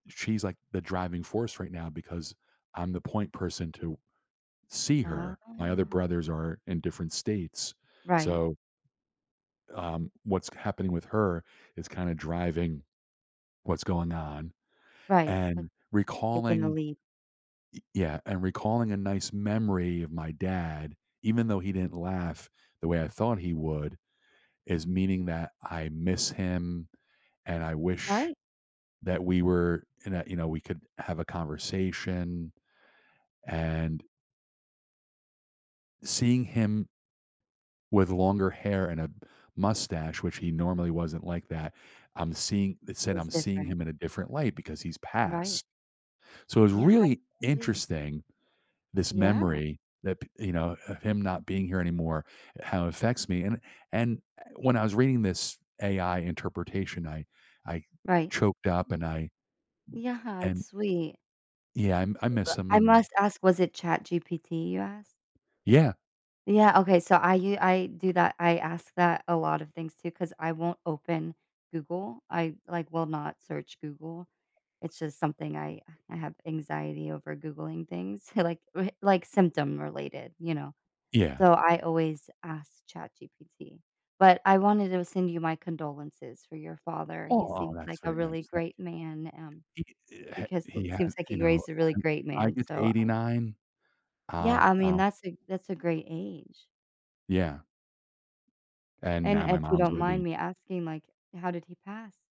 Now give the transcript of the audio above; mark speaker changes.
Speaker 1: She's like the driving force right now because I'm the point person to see her. My other
Speaker 2: Oh.
Speaker 1: brothers are in different states,
Speaker 2: Right.
Speaker 1: so Um, what's k happening with her is kinda driving what's going on
Speaker 2: Right, like
Speaker 1: and
Speaker 2: taking the
Speaker 1: recalling
Speaker 2: leap.
Speaker 1: Ye yeah, and recalling a nice memory of my dad, even though he didn't laugh the way I thought he would, is meaning that I miss him, and I wish
Speaker 2: Right.
Speaker 1: that we were in that, you know, we could have a conversation. And Seeing him with longer hair and a p mustache, which he normally wasn't like that, I'm seeing it
Speaker 2: It
Speaker 1: said,
Speaker 2: was
Speaker 1: I'm seeing
Speaker 2: different.
Speaker 1: him in a different light because he's
Speaker 2: Right.
Speaker 1: passed. So, it's
Speaker 2: Yeah, I
Speaker 1: really
Speaker 2: totally
Speaker 1: interesting, this
Speaker 2: Yeah.
Speaker 1: memory that p you know, of him not being here anymore, how it affects me and and when I was reading this AI interpretation, I I
Speaker 2: Right.
Speaker 1: choked up and I
Speaker 2: Yeah, it's
Speaker 1: And
Speaker 2: sweet.
Speaker 1: Yeah, I I
Speaker 2: B
Speaker 1: miss
Speaker 2: but
Speaker 1: him
Speaker 2: I
Speaker 1: and
Speaker 2: must ask, was it Chat GPT you asked?
Speaker 1: Yeah.
Speaker 2: Yeah, okay, so I u I do that, I ask that a lot of things too 'cause I won't open Google. I, like, will not search Google. It's just something I I have anxiety over Googling things, like, r like symptom related, you know.
Speaker 1: Yeah.
Speaker 2: So, I always ask Chat GPT, but I wanted to send you my condolences for your father, he
Speaker 1: Aww,
Speaker 2: seems
Speaker 1: that's
Speaker 2: like a
Speaker 1: very
Speaker 2: really
Speaker 1: nice, thank
Speaker 2: great man, um,
Speaker 1: you. He, eh, ha
Speaker 2: because well
Speaker 1: he
Speaker 2: it
Speaker 1: had,
Speaker 2: seems like
Speaker 1: you
Speaker 2: he
Speaker 1: know,
Speaker 2: raised a really
Speaker 1: I if
Speaker 2: great
Speaker 1: I
Speaker 2: man,
Speaker 1: get to
Speaker 2: so
Speaker 1: eighty
Speaker 2: I
Speaker 1: nine,
Speaker 2: Yeah,
Speaker 1: I'll
Speaker 2: I mean,
Speaker 1: I'll
Speaker 2: that's a that's a great age.
Speaker 1: Yeah. And
Speaker 2: And
Speaker 1: now my
Speaker 2: if you
Speaker 1: mom's
Speaker 2: don't
Speaker 1: gonna
Speaker 2: mind
Speaker 1: be
Speaker 2: me asking, like, how did he pass?